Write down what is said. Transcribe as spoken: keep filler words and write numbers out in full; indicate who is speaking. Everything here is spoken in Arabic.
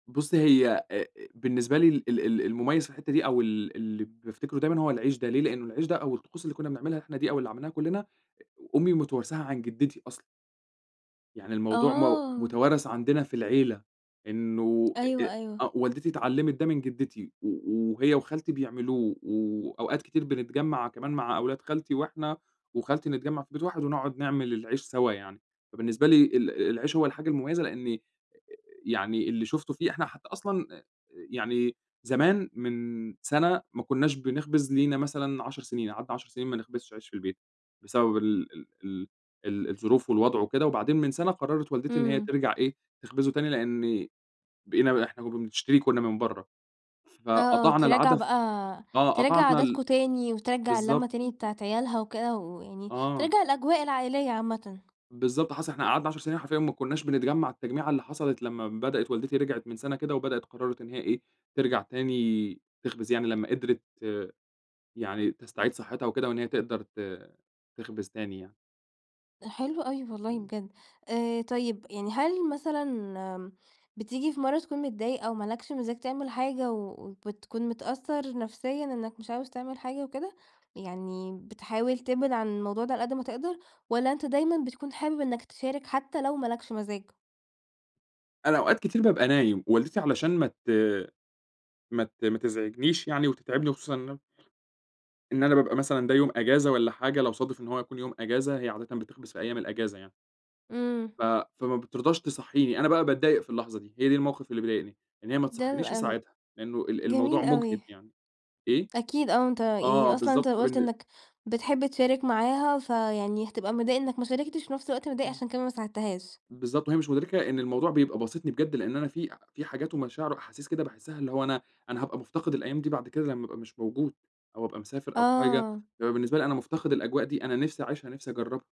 Speaker 1: بُصّي هي أ أ بالنسبة لي ال ال المميّز في الحتّة دي أو ال اللي بافتكره دايمًا هو العيش ده، ليه؟ لأنه العيش ده أو الطقوس اللي كنّا بنعملها إحنا دي أو اللي عملناها كلّنا أمي متوارثاها عن جدّتي أصلًا. يعني الموضوع مو
Speaker 2: آه.
Speaker 1: متوارث عندنا في العيلة إنّه أ
Speaker 2: أيوه
Speaker 1: أ
Speaker 2: أيوه.
Speaker 1: آه والدتي اتعلّمت ده من جدتي و وهي وخالتي بيعملوه، وأوقات كتير بنتجمّع كمان مع أولاد خالتي، وإحنا وخالتي نتجمع في بيت واحد ونقعد نعمل العيش سوا يعني، فبالنسبة لي ال العيش هو الحاجة المميّزة لأني يعني اللي شُفته فيه إحنا حتّى أصلًا أ يعني زمان من سنة ما كناش بنخبز لينا مثلًا عشر سنين، قعدنا عشر سنين ما نخبزش عيش في البيت، بسبب ال ال ال ال الظروف والوضع وكده، وبعدين من سنة قرّرت والدتي إن هي
Speaker 2: امم.
Speaker 1: ترجع إيه تخبزه تاني، لأني بقينا إحنا كنّا بنشتري كنّا من برّه،
Speaker 2: آه آه،
Speaker 1: فقطعنا
Speaker 2: ترجّع
Speaker 1: العادة ف
Speaker 2: بقى
Speaker 1: آه
Speaker 2: ترجّع
Speaker 1: قطعنا ال
Speaker 2: عادتاكم تاني، وترجّع
Speaker 1: بالضبط.
Speaker 2: اللّمة تاني بتاعة عيالها وكده، ويعني
Speaker 1: آه.
Speaker 2: ترجّع الأجواء العائليّة عامةً.
Speaker 1: بالضبط حصل، إحنا قعدنا عشر سنين حرفيًا ما كناش بنتجمّع التجميعة اللي حصلت لمّا بدأت والدتي رجعت من سنة كده وبدأت وقرّرت إن هي إيه، ترجع تاني تخبز يعني لمّا قدرت يعني تستعيد صحتها وكده وإن هي تقدر ت تخبز تاني يعني.
Speaker 2: ده حلو أوي والله بجد، آآ، طيّب يعني هل مثلًا امم، بتيجي في مَرّة تكون متضايق أو مالكش مزاج تعمل حاجة و وبتكون متأثر نفسيًا إنك مش عاوز تعمل حاجة وكده؟ يعني بتحاول تبعد عن الموضوع ده على قدّ ما تقدر، والّا أنت دايمًا بتكون حابب إنك تشارك حتّى لو ما لكش مزاج؟
Speaker 1: أنا أوقات كتير بابقى نايم، ووالدتي علشان ما ت ما ت ما تزعجنيش يعني وتتعبني وخصوصًا إن أنا إن أنا بابقى مثلًا ده يوم أجازة والّا حاجة لو صادف إن هو يكون يوم أجازة هي عادة بتخبز في أيّام الأجازة يعني.
Speaker 2: امم.
Speaker 1: ف فما بترضاش تصحّيني، أنا بقى باتضايق في اللحظة دي. هي دي الموقف اللي بيضايقني، إن هي ما
Speaker 2: ده
Speaker 1: تصحينيش
Speaker 2: لن
Speaker 1: أساعدها لأنه ال الموضوع
Speaker 2: جميل
Speaker 1: مُجهِد
Speaker 2: أوي.
Speaker 1: يعني. إيه؟
Speaker 2: أكيد آه أنت
Speaker 1: آه
Speaker 2: يعني أصلًا أنت
Speaker 1: بالضبط
Speaker 2: قُلت
Speaker 1: فبالن
Speaker 2: إنك بتحب تشارك معاها فيعني هتبقى متضايق إنك ما شاركتش وفي نفس الوقت متضايق
Speaker 1: امم.
Speaker 2: عشان كمان ما ساعدتهاش.
Speaker 1: بالضبط، وهي مش مدركة إن الموضوع بيبقى باسطني بجد، لأن أنا في في حاجات ومشاعر وأحاسيس كده باحسها، اللي هو أنا أنا هابقى مُفتقِد الأيام دي بعد كده لمّا أبقى مش موجود، أو أبقى مسافر أو حاجة،
Speaker 2: آه.
Speaker 1: بيبقى بالنسبة لي أنا مُفتقِد الأجواء دي، أنا نِفسي أعيشها، نِفسي أجربها.